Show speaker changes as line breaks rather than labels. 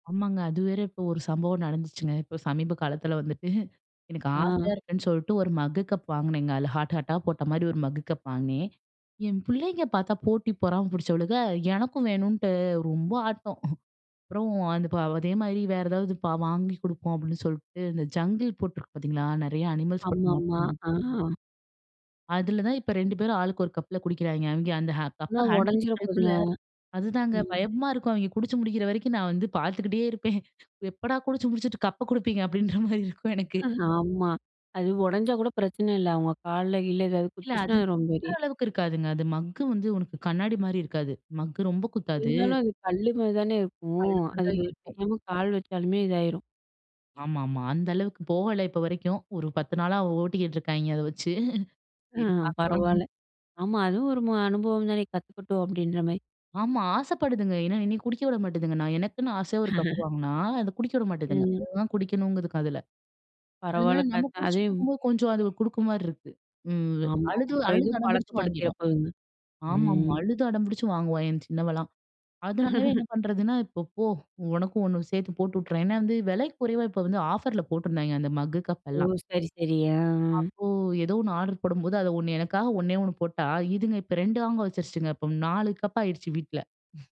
ஆமாங்க. அது வேற இப்ப ஒரு சம்பவம் நடந்துச்சுங்க. இப்ப சமீப காலத்தில வந்துட்டு எனக்கு
ஆ.
ஆசையா இருக்குன்னு சொல்ட்டு, ஒரு மக்கு கப் வாங்குனேங்க. அதுல ஹார்ட், ஹார்ட்டா போட்டமாரி ஒரு மக்கு கப் வாங்கினேன். என் பிள்ளைங்க பார்த்தா போட்டி பொறாமை புடிச்சவளுக. எனக்கும் வேணுன்ட்டு ரொம்ப ஆட்டம். அப்பறம், "அந்த பே அதேமாரி வேற ஏதாவது ப வாங்கி குடுப்போம்." அப்பிடின்னு சொல்ட்டு, இந்த ஜங்கிள் போட்டிருக்கு பார்த்தீங்களா! நெறைய அனிமல்ஸ் போட்டு மக்
ஆமாமா.
மக்
ஆ.
அதுல தான் இப்ப 2 பேரும் ஆளுக்கு ஒரு கப்ல குடிக்கிறாய்ங்க. அவெங்க அந்த ஹ
ஆனா
கப்ப ஹேண்டில்
உடஞ்சிற போதுங்க.
பண்ணுறதுக்குள்ள, அது தாங்க
ம்.
பயமா இருக்கும். அவெங்க குடிச்சு முடிக்கிற வரைக்கும் நான் வந்து பார்த்துக்கிட்டே இருப்பேன் "எப்படா! குடிச்சு முடிச்சுட்டு கப்ப குடுப்பீங்க?" அப்பிடீன்ற மாரி இருக்கும் எனக்கு.
ஆமா. அது உடஞ்சா கூட பிரச்சனை இல்ல. அவுங்க கால்ல கீல்ல எதாவது
இல்ல, அது
குத்துச்சுன்னா, அது ரொம்ப
குது்துற
[unintelligible]
அளவுக்கு இருக்காதுங்க. அது மக்கு வந்து உனக்கு கண்ணாடிமாரி இருக்காது. மக்கு ரொம்ப குத்தாது.
இருந்தாலும் அது கல்லுமாரி தானே இருக்கும்.
அழுத்தந்தான்
அதுல
இருக்கும்.
தெரியாம கால் வச்சாலுமே இதாயிரும்.
ஆமா, ஆமா. அந்த அளவுக்கு போகல இப்ப வரைக்கும். ஒரு 10 நாளா ஓட்டிக்கிட்டுருக்காங்க அத வச்சு
அ
சரி பார்க்கலாம்.
பரவால்ல. "ஆமா, அதுவும் ஒரு மு அனுபவம் தானே! கத்துக்கட்டும்." அப்பிடீன்ற மாரி.
ஆமா, ஆசைப்படுதுங்க. ஏன்னா, என்னைய குடிக்க விட மாட்டுதுங்க. நான் எனக்குன்னு ஆசையா ஒரு கப் வாங்குனா, அத குடிக்க விட மாட்டேதுங்க.
ம்.
அதுதான் குடிக்கணும்ங்கிதுக அதுல.
பரவால்ல
அதனால நம்ம
கத் அதையும்
குடிச்சுட்டுருக்கும்போது கொஞ்சம் அது குடுக்கிறமாரி இருக்கு. ம்.
ஆமாமா.
அழுது,
அப்பறம்
அழுது,
இதுவும்
அடம் பிடிச்சு
பழக்கப்படுத்திற
வாங்கிருவா!
போதுங்க.
ஆமாங்க,
ம்.
அழுது அடம்பிடிச்சு வாங்குவா! என் சின்னவள்லாம். அதனாலவே என்ன பண்ணுறதுன்னா, "இப்போ போ! உனக்கும் 1 சேர்த்து போட்டு வுட்டுர்றேன்." ஏன்னா வந்து விலை குறைவா, இப்ப வந்து ஆஃபர்ல போட்டிருந்தாங்க, அந்த மக்கு, கப்
ஓ!
எல்லாம்.
சரி, சரி. அ, அ.
அப்போ எதோ ஒண்ணு ஆர்டர் போடும்போது, அது 1 எனக்காக 1 னே 1 போட்டா, இதுங்க இப்ப 2 வாங்க வச்சுருச்சுங்க. இப்ப 4 கப் ஆயிடுச்சு வீட்ல.